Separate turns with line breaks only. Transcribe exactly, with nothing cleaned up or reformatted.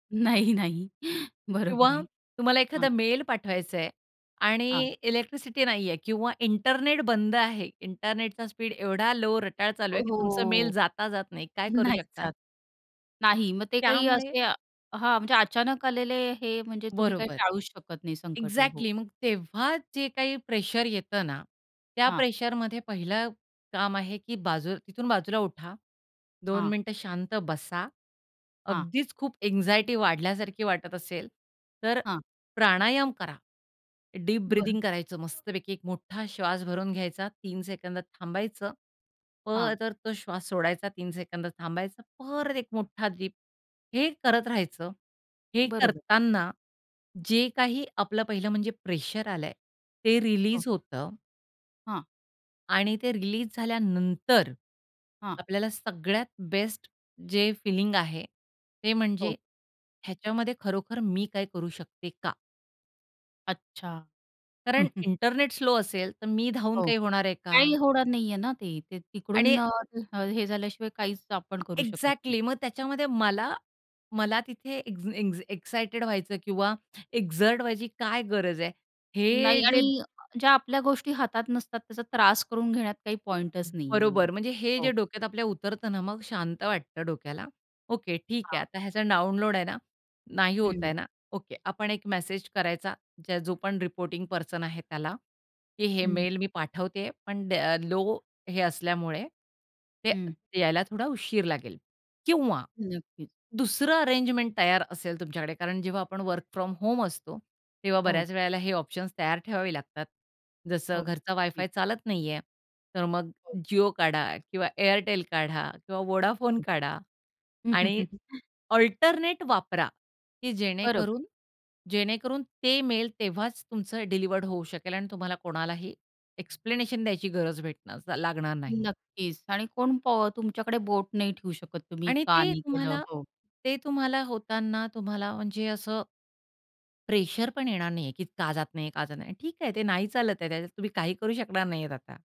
नाही, नाही. बरोबर
किंवा
आहे.
तुम्हाला
हां.
एखादा मेल पाठवायचंय आणि
हां.
इलेक्ट्रिसिटी नाहीये किंवा इंटरनेट बंद आहे. इंटरनेटचा स्पीड एवढा लॉ रटाळ चालू आहे की तुमचा मेल
ओहो.
जाता जाता नाही. काय करू
नाही
शकता?
जात. नाही मग ते काही
त्यामुळे
असे हां, म्हणजे अचानक आलेले हे म्हणजे तुम्ही काही
बरोबर.
टाळूच शकत नाही संकटं हो.
एक्झॅक्टली मग तेव्हा जे काही प्रेशर येतं ना, त्या
हां.
प्रेशरमध्ये पहिलं काम आहे की बाजू तिथून बाजूला उठा. दोन
हां.
मिनिटं शांत बसा.
हां.
अगदीच खूप अँक्साइटी वाढल्यासारखी वाटत असेल तर
हां.
प्राणायाम करा. डीप
बरं.
ब्रीथिंग करायचं मस्तपैकी. एक मोठा श्वास भरून घ्यायचा, तीन सेकंद थांबायचं,
हां.
परत तो श्वास सोडायचा, तीन सेकंद थांबायचा, परत एक मोठा डीप हे करत राहायचं. हे
बरोबर.
करताना जे काही आपलं पहिलं म्हणजे प्रेशर आलंय ते
हो.
रिलीज होतं.
हां.
आणि ते रिलीज झाल्यानंतर,
हां.
आपल्याला सगळ्यात बेस्ट जे फिलिंग आहे ते
हो.
म्हणजे ह्याच्यामध्ये खरोखर मी काय करू शकते का?
अच्छा.
कारण इंटरनेट स्लो असेल तर मी धावून
हो,
काही होणार आहे का?
काही होणार नाहीये ना ते. ते
आणि
तिकडून अ, ते हे झाल्याशिवाय काहीच आपण करू शकत नाही.
एक्झॅक्टली मग त्याच्यामध्ये मला मला तिथे एन एक एक्साइटेड व्हायचं किंवा एक्झर्ट व्हायची काय गरज आहे हे
नाही
जे
आणि ज्या आपल्या गोष्टी हातात नसतात त्याचा त्रास करून घेण्यात काही पॉइंटच नाहीये मेन,
बरोबर म्हणजे हे जे
हो.
डोक्यात आपल्या उतरतं ना मग शांत वाटतं डोक्याला. ओके, ठीक आहे.
हां.
आता ह्याचा डाउनलोड आहे ना, नाही
हं.
होताय ना. ओके, आपण एक मेसेज करायचा ज्या जो पण रिपोर्टिंग पर्सन आहे त्याला, की हे
हं.
मेल मी पाठवते पण द्या अ, लॉ हे असल्यामुळे, ते
हं.
यायला थोडा उशीर लागेल किंवा
नक्कीच.
दुसरं अरेंजमेंट तयार असेल तुमच्याकडे. कारण जेव्हा आपण वर्क फ्रॉम होम असतो तेव्हा
हो.
बऱ्याच वेळेला हे ऑप्शन्स तयार ठेवावे लागतात. जसं
हो,
घरचा
नक्कीच.
वायफाय चालत नाहीये तर मग
हो.
Jio काढा किंवा Airtel काढा किंवा Vodafone
हो.
काढा आणि अल्टरनेट वापरा की
बरोबर.
जेणेकरून जेणेकरून ते मेल तेव्हाच तुमचं डिलिव्हर होऊ शकेल आणि तुम्हाला कोणालाही एक्सप्लेनेशन द्यायची गरज भेटणार लागणार नाही.
नक्कीच आणि कोण प तुमच्याकडे बोट नाही ठेवू शकत, तुम्ही
आणि
का
ते
नाही केलं
तुम्हाला
हो?
ते तुम्हाला होताना तुम्हाला म्हणजे असं प्रेशर पण येणार नाहीये की का जात नाहीये, का जात नाहीये. ठीक आहे, ते नाही चालत आहे. त्याच्यात तुम्ही काही करू शकणार नाहीयेत आता.